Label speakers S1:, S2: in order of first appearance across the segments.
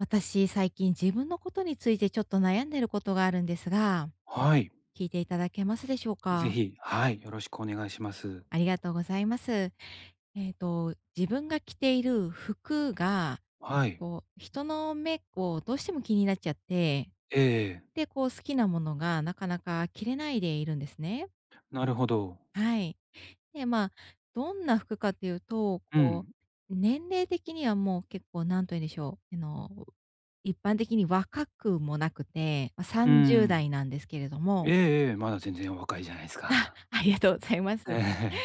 S1: 私、最近自分のことについてちょっと悩んでることがあるんですが。
S2: はい。
S1: 聞いていただけますでしょう
S2: ぜ
S1: か？
S2: ひ、はい、よろしくお願いします。
S1: ありがとうございます。えっと、自分が着ている服が、
S2: はい。
S1: こう、人の目こう、どうしても気になっちゃって、
S2: ええええ。
S1: で、こう、好きなものがなかなか着れないでいるんですね。
S2: なるほど。
S1: はい。で、まあ、どんな服かっていうと、
S2: う
S1: こ
S2: ん。
S1: う、年齢的にはもう結構何と言うんでしょう、あの、一般的に若くもなくて、ま、さ
S2: う
S1: んじゅうだ
S2: ん。
S1: いなんですけれど
S2: え
S1: も、
S2: えええ、まだ全然お若いじゃないす
S1: あ、
S2: か。
S1: ありがとうございます。
S2: え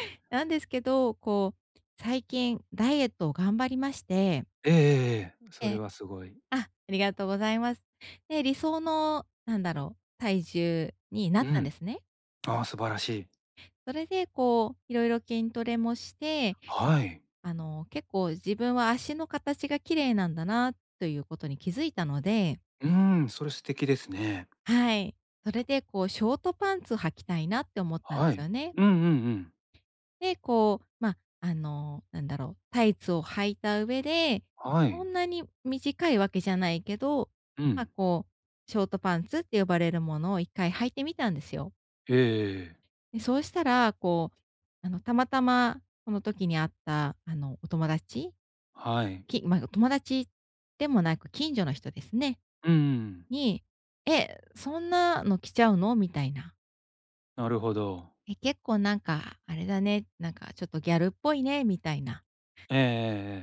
S2: え。
S1: なんですけど、こう、最近、ダイエットを頑張りまして。
S2: ええええええ。
S1: え
S2: それ
S1: え。
S2: はすごい。
S1: あありがとうございます。で、理想の、なんだろう、体重になっ
S2: う
S1: たんで
S2: ん。
S1: すね。
S2: ああ、素晴らしい。
S1: それで、こう、いろいろ筋トレもして、
S2: はい。
S1: あの、結構自分は足の形が綺麗なんだなということに気づいたので。
S2: うーん、それ素敵ですね。
S1: はい。それでこうショートパンツ履きたいなって思ったんで
S2: は
S1: すよ
S2: い。
S1: ね。
S2: うんうんうん。
S1: で、こう、ま、あの、何だろう、タイツを履いた上で、
S2: は
S1: そ
S2: い。
S1: んなに短いわけじゃないけど、
S2: う
S1: ま、
S2: ん。
S1: こう、ショートパンツって呼ばれるものを一回履いてみたんですよ。
S2: ええええ。
S1: で、そうしたら、こう、あの、たまたまその時に会ったあの、お友達？
S2: はい。
S1: きまぐ友達でもなく、近所の人ですね。
S2: うんうん。
S1: に、「え、そんなの着ちゃうの？」みたいな。
S2: なるほど。
S1: 「え、結構なんか、あれだね、なんかちょっとギャルっぽいね」みたいな
S2: えええ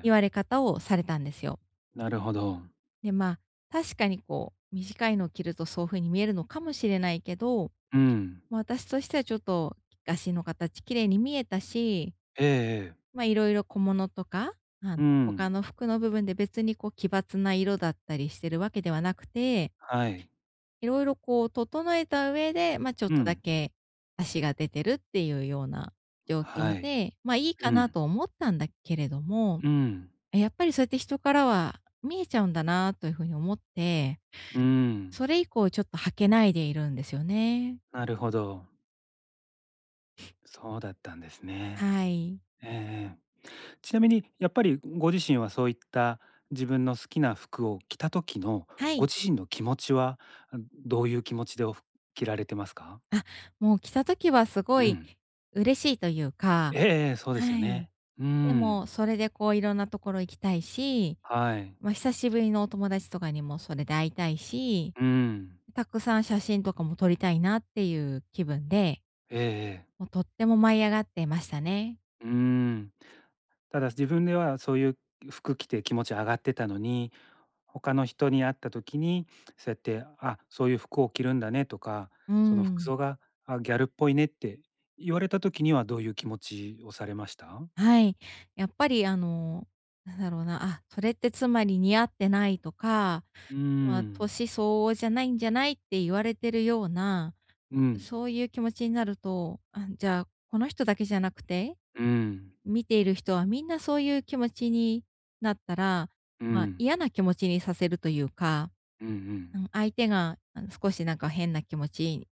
S2: ええ
S1: 言わ
S2: え。
S1: れ方をされたんですよ。
S2: なるほど。
S1: でま、確かにこう、短いのを着るとそう風に見えるのかもしれないけど、
S2: うん。
S1: ま、私としてはちょっと足の形綺麗に見えたし、
S2: ええええ。
S1: ま、色々小物とか、あ
S2: う
S1: の、他
S2: ん。
S1: の服の部分で別にこう奇抜な色だったりしてるわけではなくて
S2: はい。
S1: 色々こう整えた上で、ま、ちょっ
S2: う
S1: とだ
S2: ん。
S1: け、足が出てるっていうような状
S2: は
S1: 況
S2: い。
S1: で、ま、いい
S2: う
S1: かな
S2: ん。
S1: と思ったんだけれども、
S2: うん。
S1: え、やっぱりそうやって人からは見えちゃうんだなというふうに思って、
S2: うん。
S1: それ以降ちょっと履けないでいるんですよね。
S2: なるほど。そうだったんですね。
S1: はい。
S2: ええええ。ちなみにやっぱりご自身はそういった自分の好きな服を着た時の
S1: は
S2: ご
S1: い。
S2: 自身の気持ちはどういう気持ちでふ着られていますか？
S1: あ、もう着た時はすご
S2: う
S1: い
S2: ん。
S1: 嬉しいというか、
S2: ええ。そうですよ
S1: はい。
S2: ね。う
S1: で
S2: ん。
S1: も、それでこう色んな所行きたいし、
S2: はい。
S1: まあ、久しぶりのお友達とかにもそれで会いたいし、
S2: うん。
S1: たくさん写真とかも撮りたいなっていう気分で、
S2: ええええ。
S1: もう、とっても舞い上がってましたね。
S2: うん。ただ自分ではそういう服着て気持ち上がってたのに、他の人に会った時にそうやって「あ、そういう服を着るんだね」とか、
S1: う
S2: 「その服
S1: ん。
S2: 装がギャルっぽいね」って言われた時にはどういう気持ちをされました？
S1: はい、やっぱりあのなんだろうな、あ、それってつまり似合ってないとか、
S2: う
S1: まあ、
S2: ん。
S1: 年相応じゃないんじゃないって言われてるような、
S2: うん。
S1: そういう気持ちになると、ああじゃあ、この人だけじゃなくて、
S2: うん。
S1: 見ている人はみんなそういう気持ちになったら、
S2: う
S1: まあ、
S2: ん。
S1: 嫌な気持ちにさせるというか。
S2: うんう
S1: あ
S2: ん。
S1: の相手があの少しなんか変な気持ち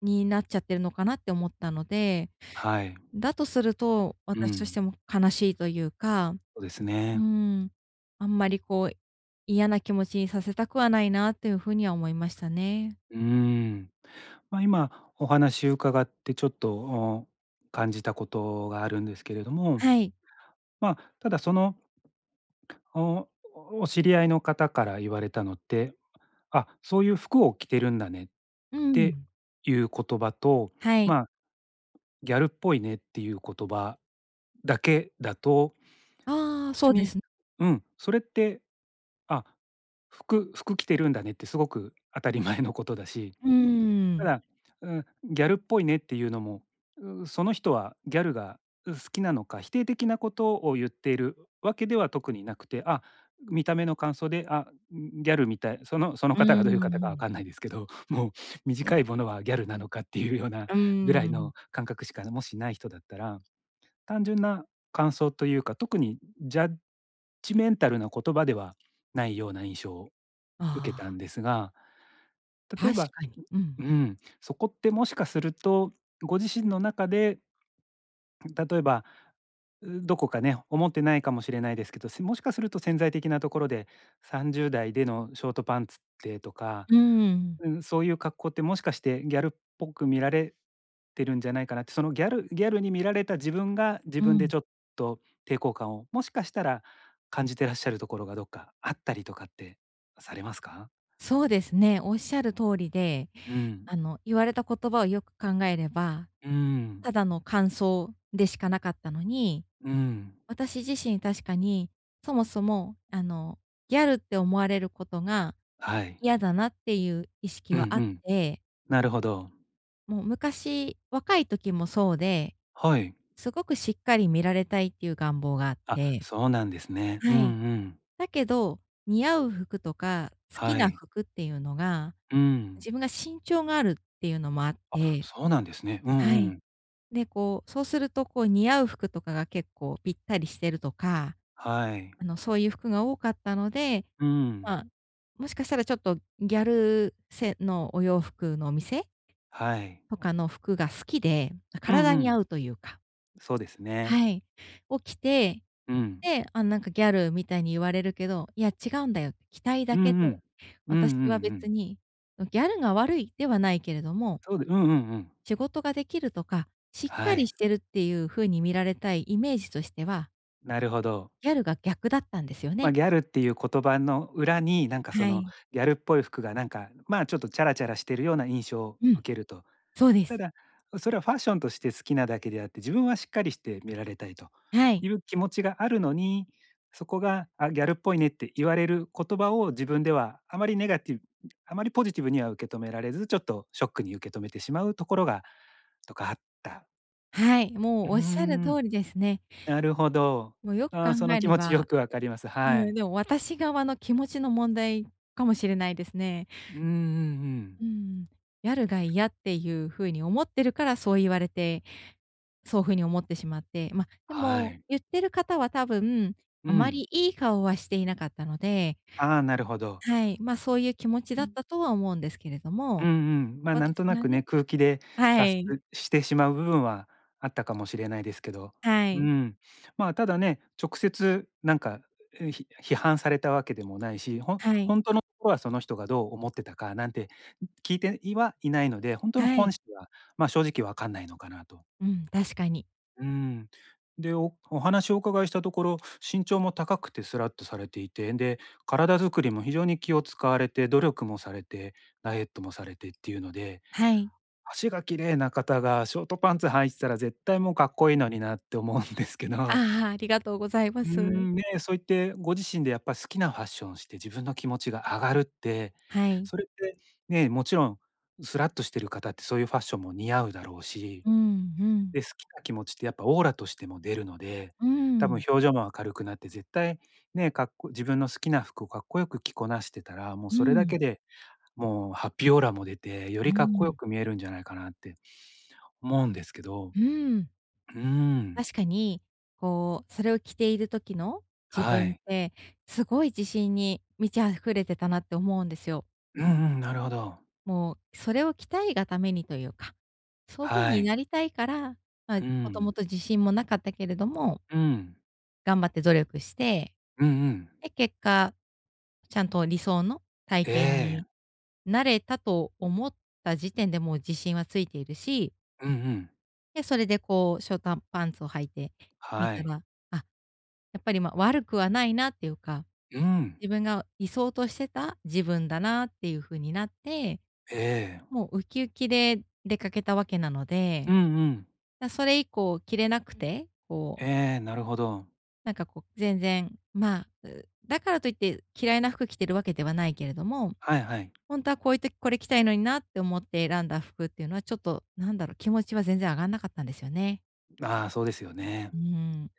S1: になっちゃってるのかなって思ったので、
S2: はい。
S1: だとすると、
S2: う
S1: 私とし
S2: ん。
S1: ても悲しいというか、
S2: そうです
S1: う
S2: ね。
S1: ん。あんまりこう、嫌な気持ちにさせたくはないなっていう風には思いましたね。
S2: うーん。まあ、今お話を伺ってちょっと、お感じたことがあるんですけれども、
S1: はい。
S2: まあ、ただそのおお知り合いの方から言われたのって、「あ、そういう服を着てるんだね」っ
S1: う
S2: て
S1: ん。
S2: いう言葉と、
S1: はい。
S2: まあ「ギャルっぽいね」っていう言葉だけだと
S1: ああ、そ
S2: 別
S1: うで
S2: に、
S1: す。
S2: うん、それって「あ、服服着てるんだね」ってすごく当たり前のことだし、
S1: う
S2: た
S1: ん。
S2: だ、うーん、「ギャルっぽいね」っていうのも、その人はギャルが好きなのか、否定的なことを言っているわけでは特になくて、あ、見た目の感想で「あ、ギャルみたい」そのその
S1: う
S2: 方がどういう方かわ
S1: ん。
S2: かんないですけど、もう短いものはギャルなのかっていうような
S1: う
S2: ぐらい
S1: ん。
S2: の感覚しか、もし、ない人だったら、単純な感想というか特にジャッジメンタルな言葉ではないような印象を受け
S1: あ
S2: たん
S1: あ。
S2: ですが、例え
S1: 確
S2: ば、
S1: かに。うん。
S2: うーん、そこってもしかするとご自身の中で例えばどこかね、思ってないかもしれないですけど、もしかすると潜在的なところで30代でのショートパンツってとか、
S1: うん。
S2: うんそういう格好ってもしかしてギャルっぽく見られてるんじゃないかなって、そのギャルギャルに見られた自分が自
S1: う
S2: 分で
S1: ん。
S2: ちょっと抵抗感を、もしかしたら感じてらっしゃるところがどっかあったりとかってされますか？
S1: そうですね、おっしゃる通りで、
S2: うん。
S1: あの言われた言葉をよく考えれば、
S2: うん。
S1: ただの感想でしかなかったのに、
S2: うん。
S1: 私自身、確かに、そもそもあのギャルって思われることが、
S2: はい。
S1: 嫌だなっていう意識
S2: うんう
S1: はあっ
S2: ん。
S1: て
S2: なるほど。
S1: もう昔、若い時もそうで、
S2: はい。
S1: すごくしっかり見られたいっていう願望があっ
S2: あ、
S1: て、
S2: そうなんですね。うん
S1: は
S2: う
S1: い。
S2: ん。
S1: だけど、似合う服とか、好き
S2: は
S1: な
S2: い。
S1: 服っていうのが、
S2: うーん。
S1: 自分が身長があるっていうのもあっ
S2: あ、
S1: て、
S2: そうなんですね。うん
S1: は
S2: う
S1: い。
S2: ん。
S1: で、こう、そうするとこう似合う服とかが結構ぴったりしてるとか。
S2: はい。
S1: あの、そういう服が多かったので、
S2: うん。
S1: まあ、もしかしたらちょっとギャル、せのお洋服のお店
S2: はい。
S1: とかの服が好きで、ま、
S2: うんう
S1: 体に
S2: ん。
S1: 合うというか。
S2: そうですね。
S1: はい。を、着て、
S2: うん。
S1: で、あの、なんかギャルみたいに言われるけど、いや、違うんだよって、着たい
S2: う
S1: だけ
S2: んう
S1: で、
S2: ん。うんう
S1: 私は
S2: んう
S1: 別
S2: ん。
S1: に、ま、ギャルが悪い、ではないけれども。
S2: そうでうんうんうん。
S1: 仕事ができるとか、しっ
S2: は
S1: かり
S2: い。
S1: してるっていう風に見られたいイメージとしては
S2: なるほど。
S1: ギャルが逆だったんですよ
S2: ま、
S1: ね。
S2: ギャルっていう言葉の裏になんかそ
S1: は
S2: の、
S1: い。
S2: ギャルっぽい服がなんかまあ、ちょっとチャラチャラしているような印象を
S1: うん。
S2: 受けると。
S1: そうで
S2: た
S1: す。
S2: だそれはファッションとして好きなだけであって、自分はしっかりして見られたいと
S1: はい。
S2: いう気持ちがあるのに、そこがあ、ギャルっぽいねって言われる言葉を自分ではあまりネガティブあまりポジティブには受け止められず、ちょっとショックに受け止めてしまうところがどこかあった。
S1: はい、
S2: う
S1: も
S2: ー
S1: うおっしゃる
S2: ん。
S1: 通りですね。
S2: なるほど。
S1: もう、よく
S2: あ
S1: 考
S2: あ、その
S1: え
S2: 気
S1: れ
S2: 持ちよ
S1: ば、
S2: くわかります、は
S1: うん、
S2: い。
S1: でも私側の気持ちの問題かもしれないですね。
S2: うんうんうん。
S1: うーん、やるがいやっていう風に思ってるからそう言われて、そういう風に思ってしまって、ま、で
S2: は
S1: も
S2: い。
S1: 言ってる方は多分、
S2: う
S1: あま
S2: ん。
S1: りいい顔はしていなかったので
S2: ああ、なるほど。
S1: はい、まあそういう気持ちだったとは思うんですけれど
S2: うんう
S1: も、
S2: ん。まあ、な
S1: 私
S2: んとな
S1: が
S2: くね、
S1: ね、
S2: 空気で
S1: は
S2: 察
S1: い。
S2: すしてしまう部分はあったかもしれないですけど、
S1: は
S2: う
S1: い。
S2: ん、まあ、ただね、直接なんか、うひ批判されたわけでもないし、ほ
S1: は
S2: ほ
S1: い。
S2: んとのところはその人がどう思ってたかなんて聞いて、いはいないので、ほんとの
S1: は
S2: 本
S1: い。
S2: 質はまあ、正直わかんないのかなと。
S1: うん、確かに。
S2: うーん。で、おお話お伺いしたところ、身長も高くてスラッとされていて、で、体づくりも非常に気を使われて努力もされてダイエットもされてっていうので、
S1: はい。
S2: 足が綺麗な方がショートパンツ履いてたら絶対もうかっこいいのになって思うんですけど
S1: ああ、ありがとうございま
S2: うー
S1: す。
S2: ん、ね、そういってご自身でやっぱ好きなファッションをして自分の気持ちが上がるって、
S1: はい。
S2: それって、ね、もちろんスラっとしてる方ってそういうファッションも似合うだろうし、
S1: うんうん。
S2: で、好きな気持ちってやっぱオーラとしても出るので、
S1: うー
S2: 多分
S1: ん。
S2: 表情もあかるくなって絶対、ね、かっこ自分の好きな服をかっこよく着こなしてたら、もう
S1: う
S2: それだけ
S1: ん。
S2: でもうハッピーオーラも出て、よ
S1: う
S2: りかっこよ
S1: ん。
S2: く見えるんじゃないかなって思うんですけど。
S1: うーん。
S2: うーん。
S1: 確かに、こう、それを着ている時の？自
S2: は
S1: 分っ
S2: い。
S1: て、すごい自信に満ち溢れてたなって思うんですよ。
S2: うんうん、なるほど。
S1: もう、それを着たいがためにというか、そういう風
S2: は
S1: にな
S2: い。
S1: りたいから、まあ、
S2: う
S1: もとも
S2: ん。
S1: と自信もなかったけれども
S2: うん。
S1: 頑張って努力して、
S2: うんうん。
S1: で、結果、ちゃんと理想の体
S2: え
S1: 型に
S2: え。
S1: なれたと思った時点でもう自信はついているし
S2: うんうん。
S1: で、それでこう、ショートパンツを履いてみ
S2: は
S1: た
S2: い。
S1: ら、あ、やっぱり、ま、悪くはないなっていうか
S2: うん。
S1: 自分が理想としてた自分だなっていう風になって、
S2: ええ。
S1: もうウキウキで出かけたわけなの
S2: う
S1: で、
S2: んうん。
S1: や、それ以降着れなくて、こう
S2: ええ、なるほど。
S1: なんかこう、全然、ま、うだからといって嫌いな服着てるわけではないけれども、
S2: はいはい。
S1: ほんとはこういう時、これ着たいのになって思って選んだ服っていうのは、ちょっと、なんだろう、気持ちは全然上がんなかったんですよね。
S2: まあ、そうですよね。
S1: うーん。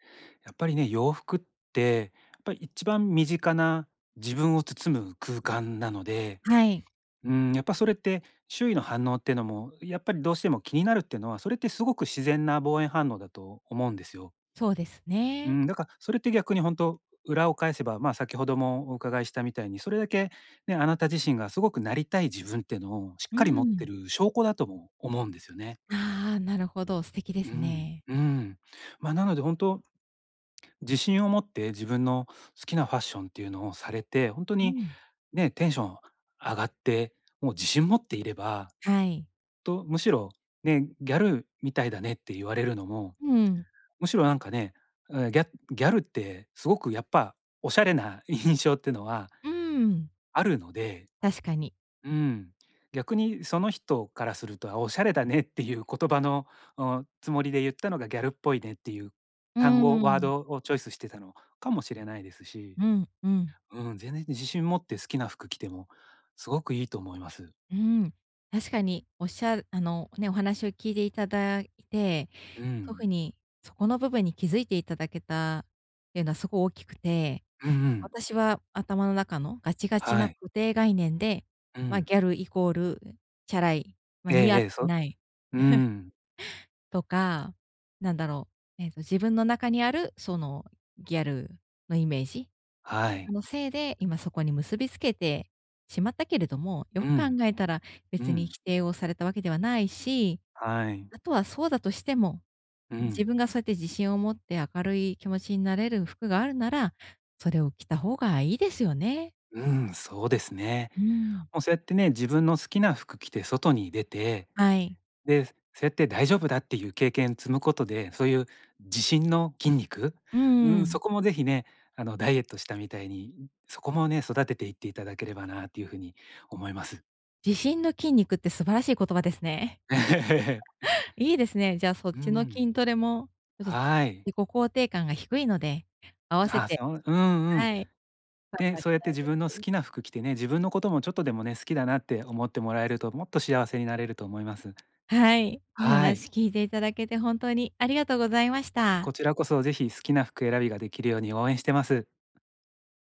S2: やっぱりね、洋服ってやっぱ一番身近な自分を包む空間なので、
S1: はい。
S2: うーん、やっぱそれって、周囲の反応ってのもやっぱりどうしても気になるってのは、それってすごく自然な防衛反応だと思うんですよ。
S1: そうです
S2: う
S1: ね。
S2: ん、だかそれって逆にほんと、う裏を返せば、ま、先ほどもお伺いしたみたいに、それだけね、あなた自身がすごくなりたい自分ってのをしっ
S1: う
S2: かり持って
S1: ん。
S2: る証拠だとも思うんですよね。
S1: あ、なるほど、素敵で
S2: う
S1: す
S2: ん、
S1: ね。
S2: うん。ま、なのでほんと自信を持って自分の好きなファッションっていうのをされて、ほんと
S1: う
S2: に
S1: ん。
S2: ね、テンション上がって、もう自信持っていれば
S1: はい。
S2: と、むしろね、ギャルみたいだねって言われるのも
S1: うん。
S2: むしろなんかね、あ、ギャギャルってすごくやっぱおしゃれな印象ってのは
S1: うん。
S2: あるので、
S1: 確かに。
S2: うん、逆にその人からすると、あ、おしゃれだねっていう言葉の、お、つもりで言ったのがギャルっぽいねっていう
S1: うー
S2: 単語ワー
S1: ん。
S2: ドをチョイスしてたのかもしれないですし、
S1: うん、うん。
S2: うん、全然自信持って好きな服着てもすごくいいと思います。
S1: うーん、確かに、おっしゃるあの、ね、お話を聞いていただいて、
S2: う
S1: そ
S2: ん。
S1: ふに、そこの部分に気づいていただけたってのはすご大きくて、
S2: うんうん。
S1: 私は頭の中のガチガチ
S2: は
S1: な
S2: い。
S1: 固定概念で、
S2: う
S1: ま、
S2: ん。
S1: ギャルイコール、えん、チャラい、ま、
S2: ええ
S1: 似合
S2: え
S1: っ
S2: え、そ
S1: て
S2: う
S1: ない
S2: う ん。
S1: とか、なんだろう、えっと、自分の中にあるその、ギャルのイメージ、
S2: は
S1: とて
S2: い。
S1: もせいで、今そこに結びつけてしまったけれども、よ
S2: う
S1: く考
S2: ん。
S1: えたら
S2: う
S1: 別に
S2: ん。
S1: 否定をされたわけではないし、
S2: はい。
S1: あとはそうだとしても、
S2: う
S1: うん、自
S2: ん。
S1: 分がそうやって自信を持って明るい気持ちになれる服があるなら、それを着た方がいいですよね。
S2: うん、そうですね。
S1: うーん。
S2: もうそうやってね、自分の好きな服着て外に出て、
S1: はい。
S2: で、そうやって大丈夫だっていう経験積むことで、そういう自信の筋肉、
S1: う
S2: う
S1: ー
S2: ん、
S1: ん。
S2: そこも是非ね、あの、ダイエットしたみたいに、うそこもね、育てていっていただければなていう風に思います。
S1: 自信の筋肉って素晴らしい言葉ですね。いいですね、じゃあ、そっ
S2: う
S1: ちの
S2: ん。
S1: 筋トレも、ちょっと、
S2: はい。
S1: 自己肯定感が低いので、合わせ
S2: あ、
S1: て
S2: そううんうん。
S1: はい、頑
S2: で、
S1: 張り
S2: そうやっ
S1: た
S2: て
S1: い
S2: 自
S1: で
S2: 分の好
S1: す。
S2: きな服着てね、自分のこともちょっとでもね、好きだなって思ってもらえるともっと幸せになれると思います。
S1: はい、お
S2: はい。
S1: 話聞いていただけて本当にありがとうございました。
S2: こちらこそ、ぜひ好きな服選びができるように応援してます。